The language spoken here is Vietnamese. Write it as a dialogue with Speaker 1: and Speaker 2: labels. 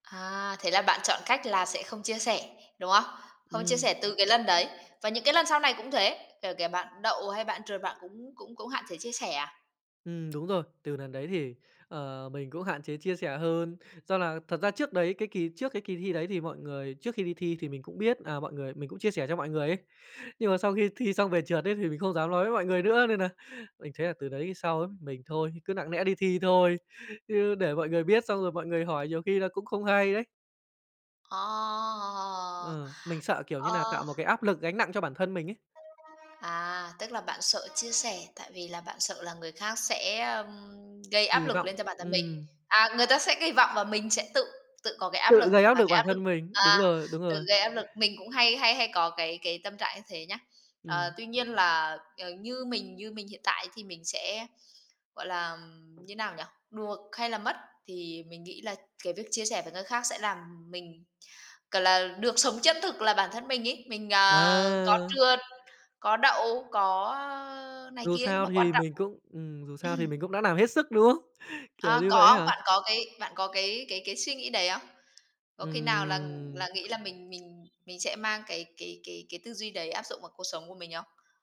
Speaker 1: À, thế là bạn chọn cách là sẽ không chia sẻ, đúng không? Không chia
Speaker 2: Ừm.
Speaker 1: sẻ từ cái lần đấy và những cái lần sau này cũng thế, kể kể bạn đậu hay bạn trượt bạn cũng cũng cũng hạn chế chia sẻ à?
Speaker 2: Ừm đúng rồi, từ lần đấy thì, ờ, mình cũng hạn chế chia sẻ hơn do là thật ra trước đấy cái kỳ trước cái kỳ thi đấy thì mọi người trước khi đi thi thì mình cũng biết, à, mọi người mình cũng chia sẻ cho mọi người ấy nhưng mà sau khi thi xong về trượt ấy thì mình không dám nói với mọi người nữa nên nà mình thấy là từ đấy sau ấm mình thôi, cứ nặng lẽ đi thi thôi chứ để mọi người biết xong rồi mọi người hỏi nhiều khi là cũng không hay đấy.
Speaker 1: Ờ.
Speaker 2: Ừ, mình sợ, kiểu như nà, tạo
Speaker 1: Ờ.
Speaker 2: một cái áp lực gánh nặng cho bản thân mình ấy.
Speaker 1: À, tức là bạn sợ chia sẻ tại vì là bạn sợ là người khác sẽ, ừm, gây áp
Speaker 2: Kỳ
Speaker 1: lực
Speaker 2: vọng,
Speaker 1: lên cho bản thân mình.
Speaker 2: ừm.
Speaker 1: À, người ta sẽ kỳ vọng và mình sẽ tự tự có cái áp
Speaker 2: Tự
Speaker 1: lực
Speaker 2: gây áp
Speaker 1: và
Speaker 2: lực
Speaker 1: cái
Speaker 2: bản
Speaker 1: áp lực
Speaker 2: thân mình, đúng
Speaker 1: à,
Speaker 2: rồi, đúng
Speaker 1: tự
Speaker 2: rồi.
Speaker 1: gây áp lực. Mình cũng hay hay hay có cái cái tâm trạng như thế nhá, ờ,
Speaker 2: Ừm.
Speaker 1: tuy nhiên là, ờ, như mình như mình hiện tại thì mình sẽ, gọi là, như nào nhỉ, được hay là mất thì mình nghĩ là cái việc chia sẻ với người khác sẽ làm mình c là được sống chân thực là bản thân mình ấy, mình, à, có
Speaker 2: À.
Speaker 1: trượt, có đậu, có này
Speaker 2: Dù
Speaker 1: kia nhưng
Speaker 2: sao
Speaker 1: mà quan
Speaker 2: thì
Speaker 1: trọng
Speaker 2: mình cũng ừm, dù sao thì mình cũng đã làm hết sức, đúng không? Kiểu
Speaker 1: À,
Speaker 2: như vậy ấy
Speaker 1: có
Speaker 2: hả?
Speaker 1: bạn có cái bạn có cái cái cái suy nghĩ đấy không? Có khi nào là
Speaker 2: Ừm.
Speaker 1: là nghĩ là mình mình mình sẽ mang cái cái cái cái tư duy đấy áp dụng vào cuộc sống của mình không?